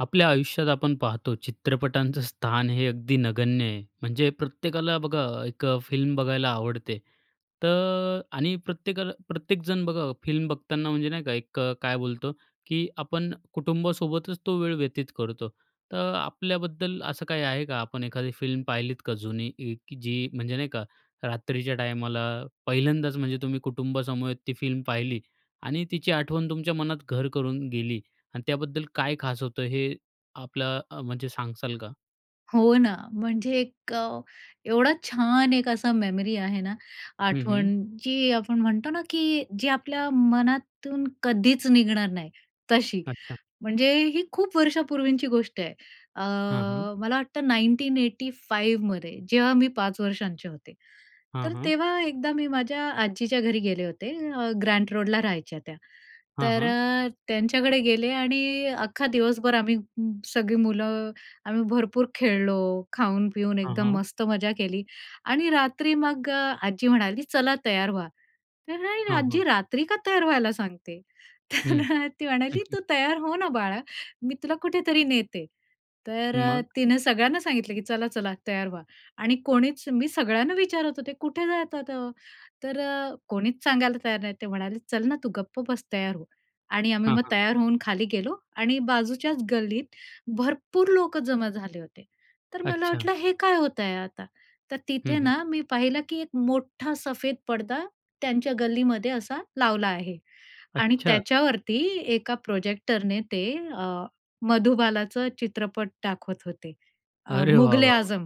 आपल्या आयुष्यात आपण पाहतो, चित्रपटांचं स्थान हे अगदी नगण्य आहे. म्हणजे प्रत्येकाला बघा एक अ, फिल्म बघायला आवडते. तर आणि प्रत्येकाला प्रत्येकजण बघा, फिल्म बघताना म्हणजे नाही का, एक अ, काय बोलतो की आपण कुटुंबासोबतच तो वेळ व्यतीत करतो. तर आपल्याबद्दल असं काही आहे का? आपण एखादी फिल्म पाहिलीत का, जुनी इ की जी म्हणजे नाही का, रात्रीच्या टायमाला पहिल्यांदाच म्हणजे तुम्ही कुटुंबासमवेत ती फिल्म पाहिली आणि तिची आठवण तुमच्या मनात घर करून गेली आणि त्याबद्दल काय खास होतं? हे आपलं अ, म्हणजे सांगाल का? हो ना, म्हणजे 1 अ, एवढा छान 1 असा मेमरी आहे ना, हं, हं. आठवण, जी आपण म्हणतो ना, की जी आपल्या मनातून कधीच निघणार नाही, तशी. अच्छा. म्हणजे ही खूप वर्षापूर्वीची गोष्ट आहे, अ, हां, हां. मला वाटतं 1985 मध्ये जेव्हा मी 5 वर्षांचे होते. हां, तर हां. तेव्हा एकदा मी माझ्या आजीच्या घरी गेले होते, अ, ग्रँट रोडला राहायच्या त्या. हां, तर हां. अ, त्यांच्याकडे गेले आणि अख्खा दिवसभर आम्ही म सगळी मुलं आम्ही भरपूर खेळलो, खाऊन-पिऊन हां, एकदम हां. मस्त मज्जा केली आणि रात्री मग अ, आजी म्हणाली, "चला, तयार व्हा." तर अरे, हां, हां. आज्जी रात्री का तयार व्हायला सांगतेय? तर हं. अ, ती म्हणाली, "तू तयार हो ना बाळा, मी तुला कुठेतरी नेते." तर अ, मग? तिनं सगळ्यांना सांगितलं, की "चला, चला, तयार व्हा." आणि कोणीच मी सगळ्यांना विचारत होते, "कुठे जातात?" अ, तर अ, कोणीच सांगायला तयार नाही. ते म्हणाले, "चल ना, तू गप्प बस, तयार हो." आणि आम्ही हां, मग हां. तयार होऊन खाली गेलो आणि बाजूच्याच गल्लीत भरपूर लोकं जमा झाले होते. तर मला अच्छा. वाटलं, हे काय होत आहे आता? तर हं, तिथे हं. ना, मी पाहिलं की एक मोठा सफेद पडदा त्यांच्या गल्लीमध्ये असा लावला आहे आणि अच्छा! त्याच्यावरती एका प्रोजेक्टरने ते अ, मधुबालाचं चित्रपट दाखवत होते. अ, अरे वाह, वाह, मुघल-ए-आझम.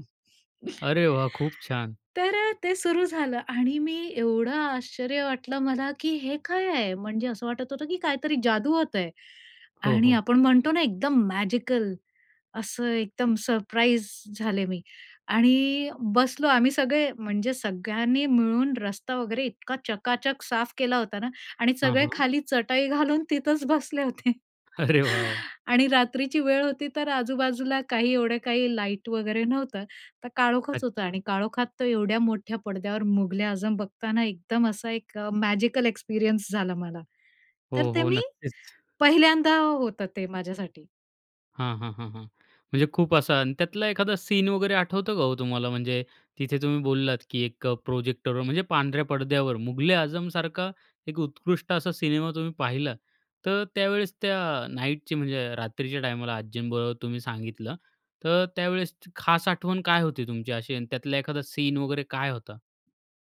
वाह! अरे वाह! खूप छान. तर अ, ते सुरू झालं आणि मी एवढं आश्चर्य वाटलं मला की हे काय आहे! म्हणजे असं वाटत होतं की काहीतरी जादू होत आहे हो, आणि हो. आपण म्हणतो ना, एकदम मॅजिकल, असं एकदम सरप्राईज झाले मी. आणि बसलो आम्ही सगळे, म्हणजे सगळ्यांनी मिळून रस्ता वगैरे इतका चकाचक साफ केला होता ना आणि हां, सगळे हां. खाली चटई घालून तिथंच बसले होते. अरे वाह, वाह! आणि रात्रीची वेळ होती, तर आजू-बाजूला काही एवढं काही लाईट वगैरे नव्हतं, तर काळोखच होतं. अच्छा. आणि काळोखात तर एवढ्या मोठ्या पडद्यावर मुघल-ए-आझम बघताना एकदम असा एक अ, मॅजिकल एक्सपिरियन्स झाला मला. तर हो, ते हो. मी नक्कीच. पहिल्यांदा होतं ते माझ्यासाठी. हां. हां. हां. हां. म्हणजे खूप असा आणि त्यातला एखादा सीन वगैरे आठवतो का हो तुम्हाला? म्हणजे तिथे तुम्ही बोललात की एक प्रोजेक्टरवर म्हणजे पांढऱ्या पडद्यावर मुघल-ए-आझमसारखा एक उत्कृष्ट असा सिनेमा तुम्ही पाहिला. तर त्यावेळेस त्या नाईटची म्हणजे रात्रीच्या टायमाला आजींबरोबर तुम्ही सांगितलं, तर त्यावेळेस खास आठवण काय होती तुमची अशी? आणि त्यातला एखादा सीन वगैरे काय होता?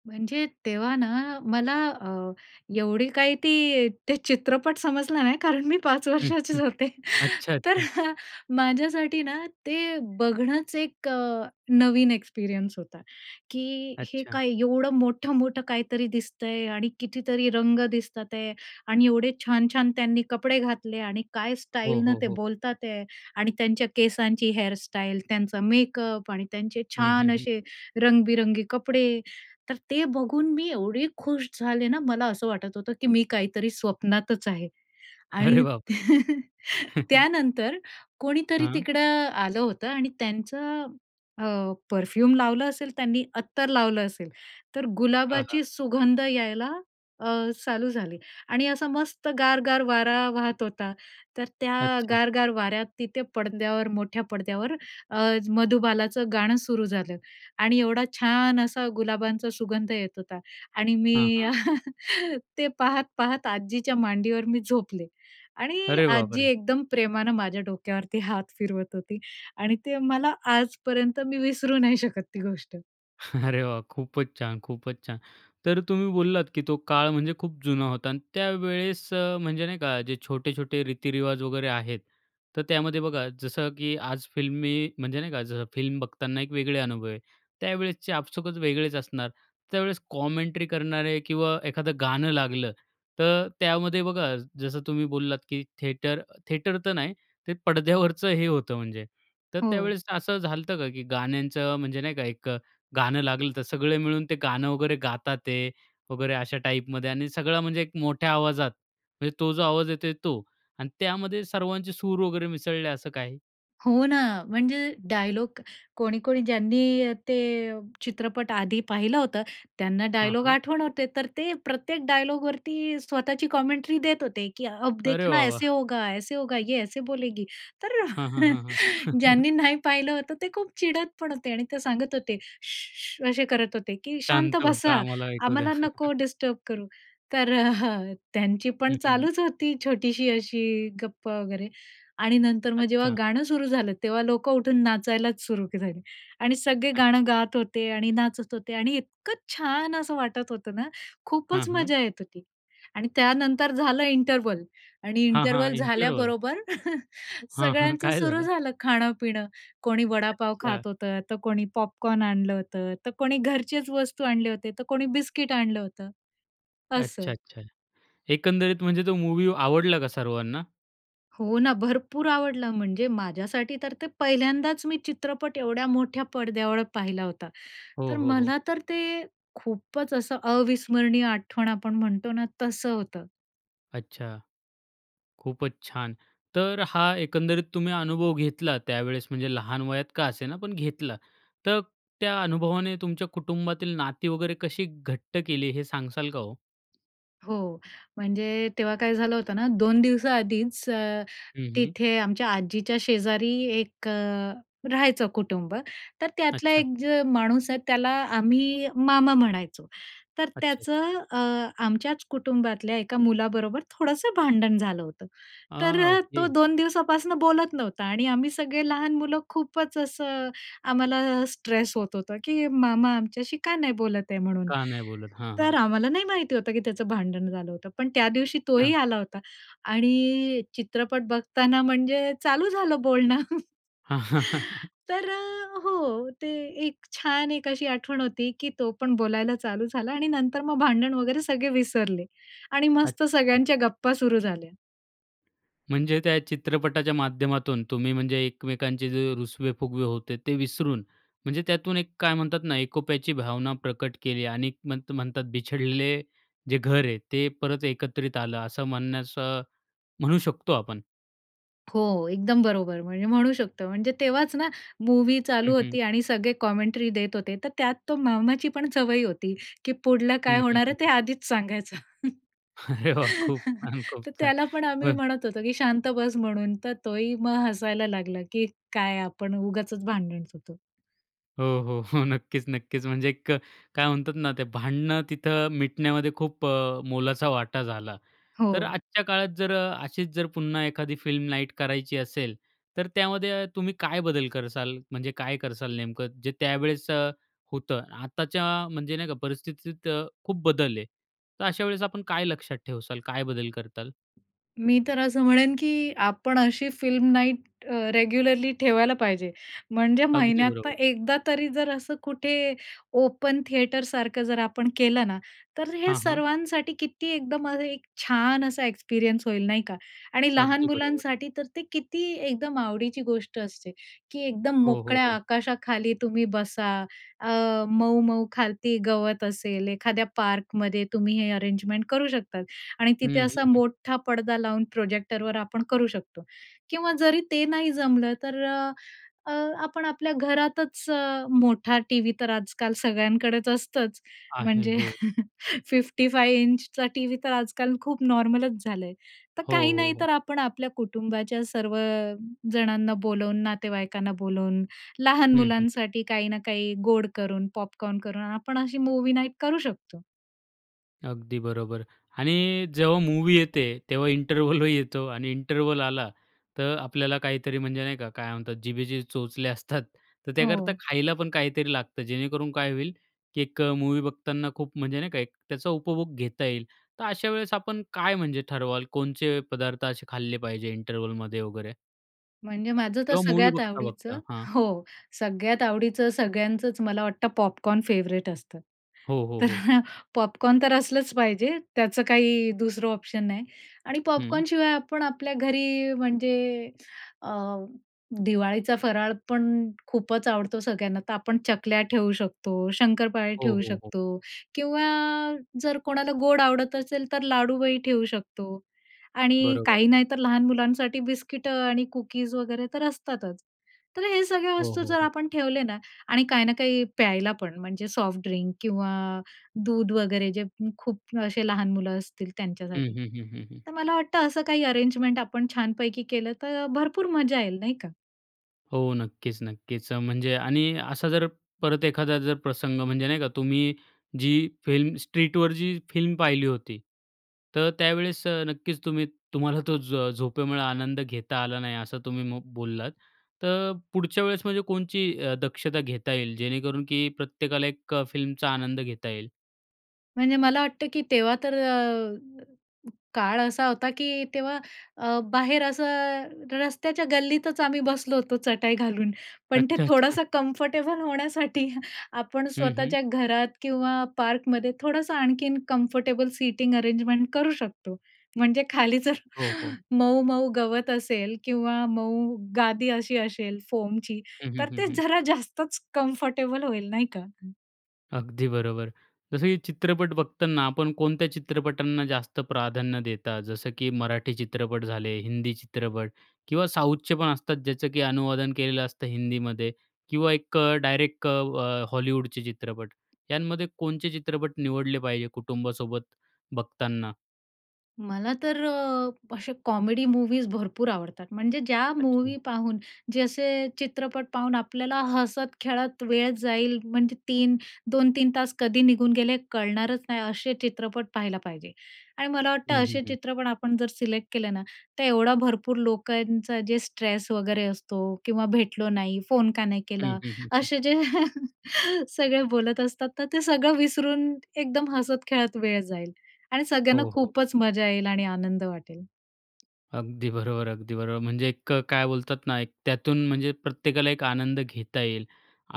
म्हणजे तेव्हा ना मला अ, एवढी काही ती ते चित्रपट समजला नाही कारण मी पाच हं. हं. वर्षाचीच होते, अच्छा. तर अच्छा. माझ्यासाठी ना ते बघणंच एक नवीन एक्सपिरियन्स होता. की हे अच्छा. काय एवढं मोठं-मोठं काहीतरी दिसतंय आणि कितीतरी रंग दिसतात आहे आणि एवढे छान-छान त्यांनी कपडे घातले आणि काय हो. स्टाईलनं हो. ते हो. बोलतात आहे आणि त्यांच्या केसांची हेअर स्टाईल त्यांचा मेकअप आणि त्यांचे हं. हं. छान हं. असे रंगबिरंगी कपडे, तर ते बघून मी एवढी खुश झाले ना, मला असं वाटत होतं की मी काहीतरी स्वप्नातच आहे. आणि अरे बापरे! त्यानंतर कोणीतरी हां. तिकडं आलं होतं आणि त्यांचं अ, परफ्यूम लावलं असेल, त्यांनी अत्तर लावलं असेल, तर हां. हां. गुलाबाची सुगंध यायला अ, चालू झाली आणि असा मस्त गार-गार वारा वाहत होता, तर त्या अच्छा. गार-गार वाऱ्यात तिथे पडद्यावर मोठ्या पडद्यावर अ, मधुबालाचं गाणं सुरू झालं आणि एवढा छान असा गुलाबांचा सुगंध येत होता आणि मी हां. हां. ते पाहत-पाहत आजीच्या मांडीवर मी झोपले आणि अरे आजी बापरे! एकदम प्रेमानं माझ्या डोक्यावरती हात फिरवत होती आणि ते मला आजपर्यंत मी विसरू नाही शकत ती गोष्ट. अरे वा! खूपच छान खूपच छान. तर तुम्ही बोललात, की तो काळ म्हणजे खूप जुना होता आणि त्यावेळेस म्हणजे नाही का, जे छोटे-छोटे रीती-रिवाज वगैरे आहेत. तर त्यामध्ये बघा, जसं की आज फिल्मी, म्हणजे नाही का, जसं फिल्म बघताना एक वेगळे अनुभव आहे. त्यावेळेसचे आपसूकच वेगळेच असणार. त्यावेळेस कॉमेंट्री करणारे किंवा एखादं गाणं लागलं. तर त्यामध्ये बघा जसं तुम्ही बोललात, की थिएटर, थिएटर तर नाही ते पडद्यावरचं हे होतं म्हणजे. तर हो. त्यावेळेस असं झालं होतं का? की गाण्यांचं म्हणजे नाही का एक, गाणं लागलं तर सगळं मिळून ते गाणं वगैरे गातात आहेत वगैरे, अशा टाईपमध्ये आणि सगळं म्हणजे एक मोठ्या आवाजात. म्हणजे तो जो आवाज येतोय, तो. आणि त्यामध्ये सर्वांचे सूर वगैरे मिसळले असं काही? हो ना, म्हणजे डायलॉग कोणी-कोणी ज्यांनी अ, ते चित्रपट आधी पाहिलं होतं, त्यांना हं, डायलॉग हं. आठवण होते, तर ते प्रत्येक डायलॉगवरती स्वतःची कॉमेंट्री देत होते. की "अब अरे देखना वाह! ऐसे वाह! होगा, ऐसे होगा, ये ऐसे बोलेगी." तर, हं, हं, हं, हं. ज्यांनी नाही पाहिलं होतं, ते खूप चिडत पण होते आणि ते सांगत होते. "शू, शू." असे करत होते, की "शांत शांत बसा, बसा. आम्हाला ऐकू द्या. आम्हाला नको डिस्टर्ब करु." तर अ, त्यांची हं, पण हं, हं. चालूच होती छोटीशी अशी गप्पा वगैरे. आणि नंतर मग जेव्हा अच्छा. गाणं सुरू झालं, तेव्हा लोकं उठून नाचायलाच सुरू झाली. आणि सगळे गाणं अच्छा. गात होते आणि नाचत होते आणि इतकं छान असं वाटत होतं ना, हं, खूपच हं. मजा येत होती. आणि त्यानंतर झालं इंटरवल आणि हां, हां. Interval interval? झाल्याबरोबर हां, हां. सगळ्यांचं काय सुरू झालं? झालं, खाणं-पिणं कोणी वडापाव अच्छा. खात होतं, तर कोणी पॉपकॉर्न आणलं होते, तर कोणी घरचेच वस्तू आणल्या होत्या, तर कोणी बिस्किट आणलं होतं. असं. अच्छा-अच्छा. एकंदरीत म्हणजे तो मूवी आवडला का सर्वांना? हो ना. भरपूर आवडलं, म्हणजे माझ्यासाठी तर ते पहिल्यांदाच मी चित्रपट एवढ्या मोठ्या पडद्यावर पाहिला होता. हो, तर हो, हो. मला तर ते खूपच असं अविस्मरणीय आठवण आपण म्हणतो ना तसं होतं. अच्छा, खूपच छान. तर हा एकंदरीत तुम्ही अनुभव घेतला त्यावेळेस म्हणजे लहान वयात का असेना पण घेतला तर, त्या अनुभवाने तुमच्या कुटुंबातील नाती वगैरे कशी घट्ट केली हे सांगसाल का हो? हो. म्हणजे तेव्हा काय झालं होतं ना, 2 दिवसा आधीच अ, हं. हं. तिथे आमच्या आजीच्या शेजारी 1 अ, राहायचं कुटुंब तर त्यातला अच्छा. 1 माणूस आहे. त्याला आम्ही मामा म्हणायचो. तर अच्छा. अच्छा. त्याचं अ, आमच्याच कुटुंबातल्या एका मुलाबरोबर थोडंसं भांडण झालं होतं. आ, तर तो ओके. 2 दिवसापासनं बोलत नव्हता. आणि आम्ही सगळे लहान मुलं खूपच असं आम्हाला स्ट्रेस होत होतं की मामा आमच्याशी का नाही बोलत आहे म्हणून, का नाही बोलत? हां. हां. तर आम्हाला नाही माहिती होतं की त्याचं भांडण झालं होतं पण त्यादिवशी अच्छा. तोही आला होता आणि चित्रपट बघताना म्हणजे चालू झालं बोलणं. तर अ, हो. ते 1 छान 1 अशी आठवण होती, की तो पण बोलायला चालू झाला आणि नंतर मग भांडण वगैरे सगळे विसरले आणि मस्त अच्छा. सगळ्यांच्या गप्पा सुरु झाल्या. म्हणजे त्या चित्रपटाच्या माध्यमातून तुम्ही म्हणजे एकमेकांचे जे रुसवे फुगवे होते. ते विसरून म्हणजे त्यातून 1 काय म्हणतात ना, एकोप्याची भावना प्रकट केली आणि म्हण म्हणतात बिछडलेले जे घर आहे ते परत एकत्रित आलं असं म्हणण्याचं म्हणू शकतो आपण. हो. एकदम बरोबर म्हणजे म्हणू शकतो. म्हणजे तेव्हाचं ना मूवी हं. चालू हं. होती आणि सगळे कॉमेंटरी देत होते. तर त्यात तो मामाची पण सवय होती की पुढलं काय हं. हं. होणार हं. आहे ते हं. आधीच सांगायचं. अरे वाह! खूप छान. खूप तर छान. त्याला पण आम्ही म्हणत होतो, की शांत बस म्हणून तर तोही मग हसायला लागला की काय आपण उगाचचं भांडण होतो. हो. हो. नक्कीचं नक्कीचं म्हणजे एक काय म्हणतात ना ते भांडणं तिथं मिटण्यामध्ये खूप अ, मोलाचा वाटा झाला. तर हो. आजच्या काळात जर अशीच जर पुन्हा एखादी फिल्म नाईट करायची असेल तर त्यामध्ये तुम्ही काय बदल करसाल? म्हणजे काय करसाल नेमकं? जे त्यावेळेस अ, होतं आताच्या म्हणजे नाही का परिस्थितीत खूप बदल आहे. तर अशा वेळेस आपण काय लक्षात ठेवसाल? काय बदल करताल? मी तर असं म्हणेन की आपण अशी फिल्म नाईट अ, रेग्युलरली ठेवायला पाहिजे. म्हणजे अगदी महिन्यातनं बरोबर. एकदा तरी जर असं कुठे ओपन थिएटरसारखं जर आपण केलं ना, तर हे हां. हां. सर्वांसाठी किती एकदम अ, एक छान असा एक्सपिरियन्स होईल नाही का? आणि लहान अगदी बरोबर. मुलांसाठी तर ते किती एकदम आवडीची गोष्ट असते, की एकदम हो. हो. मोकळ्या हो. आकाशाखाली तुम्ही बसा. अ, मऊ-मऊ खालती गवत असेल. एखाद्या पार्कमध्ये तुम्ही हे अरेंजमेंट करू शकतात आणि तिथे हं. असा हं. हं. मोठा पडदा लावून प्रोजेक्टरवर आपण करू शकतो किंवा जरी ते नाही जमलं तर अ, अ, आपण आपल्या घरातचं अ, मोठा टीव्ही तर आजकाल सगळ्यांकडेच असतंच. आहे. म्हणजे हो. 55 इंचचा टीव्ही तर आजकाल खूप नॉर्मलच झालंय तर हो. काही हो. नाही हो. तर आपण आपल्या कुटुंबाच्या सर्वजणांना बोलवून नातेवाईकांना बोलवून लहान हं. हं. मुलांसाठी काही ना काही गोड करून पॉपकॉर्न करून आपण अशी मूवी नाईट करू शकतो. अगदी बरोबर आणि जेव्हा मूवी येते, तेव्हा इंटरवलही येतो आणि इंटरवल आला तर आपल्याला काहीतरी म्हणजे नाही का, काय म्हणतात जिभेचे चोचले असतात. तर त्याकरता हो. खायला पण काहीतरी लागतं. जेणेकरून काय होईल की एक मूवी बघताना खूप म्हणजे नाही का, एक त्याचा उपभोग घेता येईल, तर अशावेळेस आपण काय म्हणजे ठरवाल, कोणचे पदार्थ असे खाल्ले पाहिजे इंटरव्हलमध्ये वगैरे? म्हणजे माझं तर किंवा मूवी सगळ्यात आवडीचं. बघता-बघता? हां. हो, सगळ्यात आवडीचं सगळ्यांचंच मला वाटतं, पॉपकॉर्न फेवरेट असतं, हो, हो, तर हो. पॉपकॉर्न तर असलंच पाहिजे, त्याचं काही दुसरं ऑप्शन नाही आणि हं. पॉपकॉर्नशिवाय आपण आपल्या घरी, म्हणजे अ, दिवाळीचा फराळ पण खूपच आवडतो सगळ्यांना, तर आपण चकल्या ठेवू शकतो, शंकरपाळे हो, ठेवू हो, हो. शकतो किंवा जर कोणाला गोड आवडत असेल तर लाडूही ठेवू शकतो. आणि बरोबर. काही नाही तर लहान मुलांसाठी बिस्किटं आणि कुकीज वगैरे तर असतातच. तर हे सगळ्या हो, वस्तू हो, जर हो. आपण ठेवले ना, आणि काही ना काही प्यायला पण, म्हणजे सॉफ्ट ड्रिंक किंवा दूध वगैरे, जे खूप असे लहान मुलं असतील हं, त्यांच्यासाठी. हं, हं, हं, हं. तर मला वाटतं असं काही अरेंजमेंट आपण छानपैकी केलं तर, भरपूर मजा येईल, नाही का. हो, नक्कीच-नक्कीच. अ, म्हणजे आणि असा जर परत एखादा जर प्रसंग म्हणजे नाही का, तुम्ही जी फिल्म, स्ट्रीटवर जी फिल्म पाहिली होती, तर त्यावेळेस अ, नक्कीच तुम्ही तुम्हाला तो झ झोपेमुळं आनंद घेता आला नाही, असं तुम्ही म बोललात, तर पुढच्या वेळेस म्हणजे कोणची अ, दक्षता घेता येईल? जेणेकरून की प्रत्येकाला एक अ, फिल्मचा आनंद घेता येईल? म्हणजे मला वाटतं की तेव्हा तर अ, काळ असा होता, की तेव्हा अ, बाहेर असं, रस्त्याच्या गल्लीतच आम्ही बसलो होतो, चटाई घालून. पण ते अच्छा, अच्छा. थोडंसं कम्फर्टेबल होण्यासाठी आपण हं, हं. स्वतःच्या घरात किंवा पार्कमध्ये थोडंसं आणखीन कम्फर्टेबल सीटिंग अरेंजमेंट करू शकतो. म्हणजे खाली जर हो, हो. मऊ-मऊ गवत असेल किंवा मऊ गादी अशी असेल फोमची, हं, हं, तर हं, ते हं. जरा जास्तच कम्फर्टेबल होईल, नाही का? अगदी बरोबर. जसं की चित्रपट बघताना, आपण कोणत्या चित्रपटांना जास्त प्राधान्य देता? जसं की मराठी चित्रपट झाले, हिंदी चित्रपट किंवा साऊथचे पण असतात, ज्याचं की अनुवादन केलेलं असतं हिंदीमध्ये किंवा एक डायरेक्ट अ, हॉलिवूडचे चित्रपट, यांमध्ये कोणचे चित्रपट निवडले पाहिजे, कुटुंबासोबत बघताना? मला तर अ, असे कॉमेडी मूवीज भरपूर आवडतात. म्हणजे ज्या अच्छा. मूवी पाहून जे असे चित्रपट पाहून आपल्याला हसत-खेळत वेळ जाईल, म्हणजे 3-2-3 तास कधी निघून गेले कळणारच नाही, असे चित्रपट पाहायला पाहिजे. आणि मला वाटतं हं हं असे हं. चित्रपण आपण जर सिलेक्ट केले ना, तर एवढा भरपूर लोकांचा जे स्ट्रेस वगैरे असतो किंवा भेटलो नाही. "फोन का नाही हं केला?" हं हं हं. असे जे सगळे बोलत असतात. तर ते सगळं विसरून एकदम हसत-खेळत वेळ जाईल आणि हो सगळ्यांना हो हो. खूपच मजा येईल आणि आनंद वाटेल. अगदी बरोबर, अगदी बरोबर. म्हणजे एक काय बोलतात ना, एक त्यातून म्हणजे प्रत्येकाला एक आनंद घेता येईल.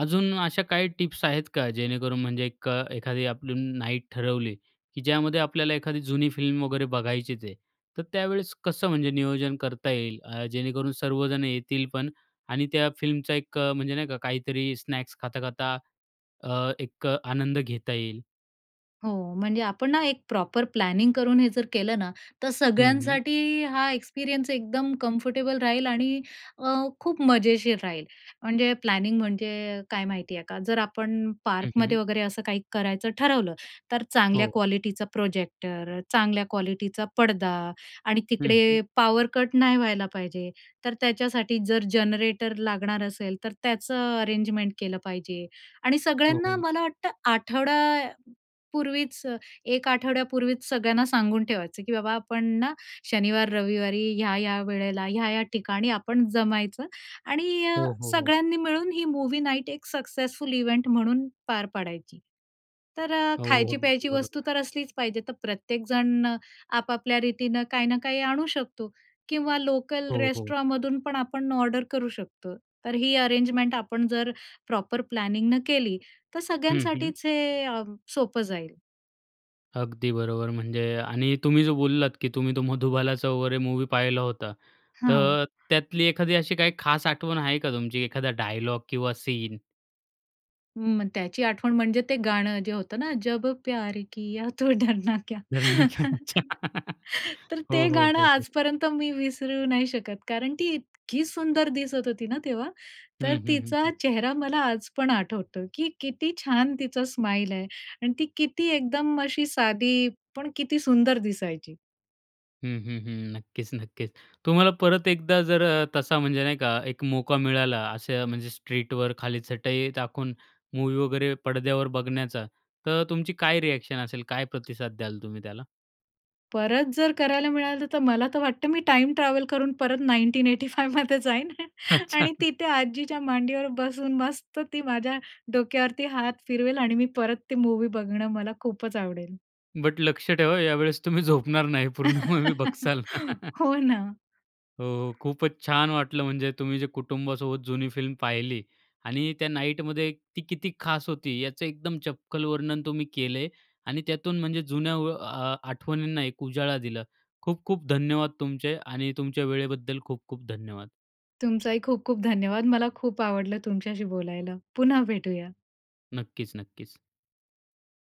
अजून अशा काही टिप्स आहेत का, जेणेकरून म्हणजे एक अ, एखादी आपली नाईट ठरवली की ज्यामध्ये आपल्याला एखादी जुनी फिल्म वगैरे बघायचीच आहे. तर त्यावेळेस कसं म्हणजे नियोजन करता येईल? अ, जेणेकरून सर्वजण येतील पण आणि त्या फिल्मचा एक म्हणजे नाही का, काहीतरी स्नॅक्स खाता-खाता अ, एक आनंद घेता येईल. हो. म्हणजे आपण ना एक प्रॉपर प्लॅनिंग करून हे जर केलं ना तर हं हं. सगळ्यांसाठी हा एक्सपिरियन्स एकदम कंफर्टेबल राहील आणि अ, खूप मजेशीर राहील. म्हणजे प्लॅनिंग म्हणजे काय माहिती आहे का, जर आपण हं पार्कमध्ये हं. वगैरे असं काही करायचं ठरवलं. तर चांगल्या हो. क्वालिटीचा प्रोजेक्टर, चांगल्या क्वालिटीचा पडदा आणि हं हं. तिकडे पावर कट नाही व्हायला पाहिजे, तर त्याच्यासाठी जर जनरेटर लागणार असेल तर त्याचं अरेंजमेंट केलं पाहिजे. आणि हो सगळ्यांना हो. मला वाटतं आठवड्यापूर्वीच अ, एक आठवड्यापूर्वीच सगळ्यांना सांगून ठेवायचं की बाबा आपण ना, शनिवार रविवारी ह्या-ह्या वेळेला, ह्या-ह्या ठिकाणी आपण जमायचं. आणि अ, हो हो हो. सगळ्यांनी मिळून ही मूवी नाईट एक सक्सेसफुल इव्हेंट म्हणून पार पाडायची. तर अ, हो हो खायची, प्यायची वस्तू बरोबर. तर असलीच पाहिजे, तर प्रत्येकजण आपापल्या रीतीनं काही ना काही आणू शकतो. किंवा लोकल हो हो. रेस्टॉरमधून पण आपण ऑर्डर करू शकतो. तर ही अरेंजमेंट आपण जर प्रॉपर प्लॅनिंगन केली तर हं हं. सगळ्यांसाठीच हे अ, सोपं जाईल. अगदी बरोबर. म्हणजे आणि तुम्ही जो बोललात, की तुम्ही तो मधुबालाचं वगैरे मूव्ही पाहिला होता, हो. तर त्यातली एखादी अशी काही खास आठवण आहे का तुमची? एखादा डायलॉग किंवा सीन? मग त्याची आठवण, म्हणजे ते गाणं जे होतं ना, जब प्यार किया तो डरना क्या? डरना क्या, अच्छा. तर हो, ते हो, गाणं हो, हो. आजपर्यंत मी विसरू नाही शकत, कारण ती उत्सुक इतकी सुंदर दिसत होती ना तेव्हा. हं, तर हं, हं, तिचा हं. चेहरा मला आज पण आठवतो, की किती छान तिचा स्माईल आहे. आणि ती किती एकदम अशी साधी, पण किती सुंदर दिसायची. हं, हं, हं. नक्कीच, नक्कीच. तुम्हाला परत एकदा जर अ, तसा, म्हणजे नाही का, एक मौका मिळाला, असं म्हणजे स्ट्रीटवर खाली चटई टाकून मूव्ही वगैरे पडद्यावर बघण्याचा, तर तुमची काय रिएक्शन असेल? काय प्रतिसाद द्याल तुम्ही त्याला? परत जर करायला मिळालं, तर मला तर वाटतं, मी टाईम ट्रॅव्हल करून परत 1985मध्ये जाईन अच्छा. आणि तिथे आजीच्या मांडीवर बसून, मस्त ती माझ्या डोक्यावरती हात फिरवेल आणि मी परत ती मूव्ही बघणं, मला खूपच आवडेल. बट लक्ष ठेवा, यावेळेस तुम्ही झोपणार नाही, पूर्ण मूव्ही बघाल. हो ना. हो, खूपच छान वाटलं. म्हणजे तुम्ही जे कुटुंबासोबत जुनी फिल्म पाहिली आणि त्या नाईटमध्ये ती किती खास होती, याचं एकदम चपखल वर्णन तुम्ही केलय आणि त्यातून म्हणजे जुन्या व अ, आठवणींना एक उजाळा दिला. खूप-खूप धन्यवाद तुमचे आणि तुमच्या वेळेबद्दल खूप-खूप धन्यवाद. तुमचही खूप-खूप धन्यवाद. मला खूप आवडलं तुमच्याशी बोलायला. पुन्हा भेटूया. नक्कीच, नक्कीच.